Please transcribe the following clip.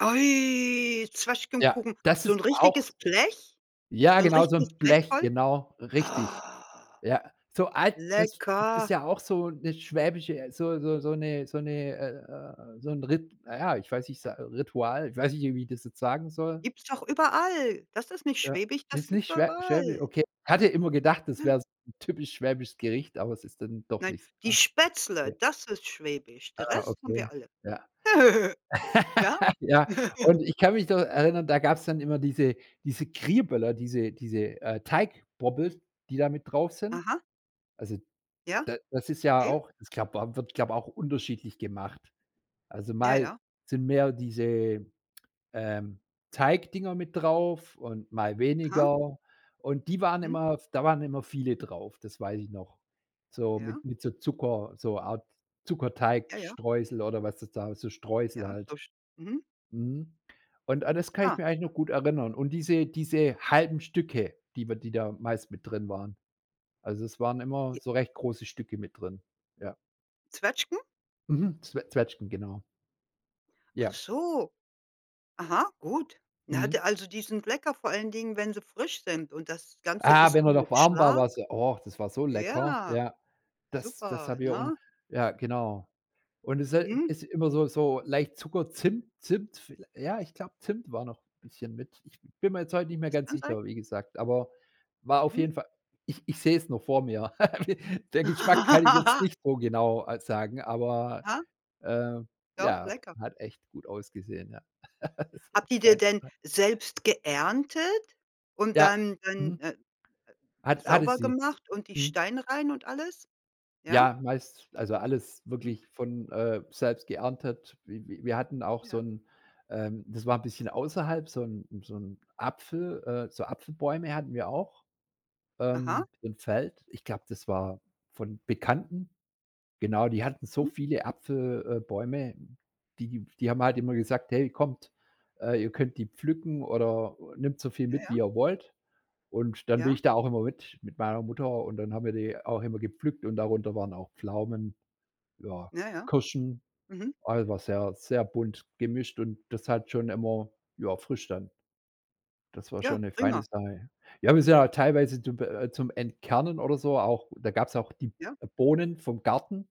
Oi, Ja, Zwetschgenkuchen. das So ist 'n auch richtiges Blech? Ja So 'n genau, so richtiges 'n Blech Blech, voll? genau, richtig. Oh. Ja, so alt das ist Lecker. ja auch so 'ne schwäbische äh, so so so 'ne so 'ne äh, äh, so 'n Rit na ja, ich weiß nicht, s Ritual, ich weiß nicht, wie ich das jetzt sagen soll. Gibt's doch überall. Das ist nicht Ja, schwäbisch, das ist gibt's nicht doch schwäb schwäbisch, überall. okay. Hatte immer gedacht, das Ja. wäre so 'n typisch schwäbisches Gericht, aber es ist dann doch Nein, nicht s „die ah, Spätzle“, ja. das ist schwäbisch. Den Ah, Rest haben okay, wir alle. ja. Ja? Ja, und ich kann mich noch erinnern, da gab's dann immer diese diese „Kriböller“, diese diese, äh, „Teigbobbels“, die da mit drauf sind. Aha. Also Ja, da das ist ja okay. auch das glaube au wird glaube, auch unterschiedlich gemacht. Also Ja, mal ja. sind mehr diese, ähm, „Teigdinger“ mit drauf und mal Aha. weniger. Und die waren Mhm. immer da waren immer viele drauf, das weiß ich noch. So Ja. mit mit so Zucker so Art Ja, ja. Zuckerteigstreusel oder was das da so Streusel Ja, halt. so sch mhm. Mhm. Und an das kann ich Ah. mich eigentlich noch gut erinnern. Und diese diese halben Stücke, die man die da meist mit drin waren. Also, es waren immer J so recht große Stücke mit drin. Ja. Zwetschgen? Mhm. Zwe Zwetschgen, genau. Ach Ja. so. Aha, gut. Na, Mhm. der also die sind lecker, vor allen Dingen, wenn sie frisch sind. Und das Ganze Ah, isst wenn du er noch mit warm war, Schlag war's ja oh, das war so lecker. Ja, Ja. Das das super, haben wir und ne? ja, genau. Und es se Mhm. ist immer so so leicht Zucker, Zimt Zimt, viellei ja, ich glaube, Zimt war noch bisschen mit. Ich bin mir jetzt heute nicht mehr Das ganz kann sein. sicher, wie gesagt. Aber war auf Mhm. jeden Fall ich ich sehe es noch vor mir. Der Geschmack kann ich jetzt nicht so genau halt sagen, aber, Ja. ähm, Doch, ja, lecker. hat echt gut ausgesehen, ja. Das war was Habt ihr die feines, denn ja. selbst geerntet und Ja, dann dann, mhm. äh, Hat hatte sauber sie. gemacht und die Mhm. Steine rein und alles? Ja? Ja, meist also alles Mhm. wirklich von, äh, selbst geerntet. Wi wi wir hatten auch so Ja. 'n ähm, das war 'n bisschen außerhalb, so 'n so 'n Apfel äh, so Apfelbäume hatten wir auch, Aha. ähm, im Feld. Ich glaube, das war von Bekannten. Genau, die hatten so Mhm. viele Apfel äh, Bäume, die die haben halt immer gesagt: „Hey, kommt, äh, ihr könnt die pflücken, oder nehmt so viel Ja, mit, wie ja. ihr wollt.“ Und dann bin Ja. ich da auch immer mit mit meiner Mutter und dann haben wir die auch immer gepflückt, und darunter waren auch Pflaumen, ja, Ja, ja. Kirschen, Mhm. also, war sehr sehr bunt gemischt, und das hat schon immer ja, frisch dann Das war Ja, schon 'ne feine prima. Sache. Ja, wir sind auch teilweise zum äh, zum Entkernen oder so auch da gab's auch die B Ja. äh, Bohnen vom Garten.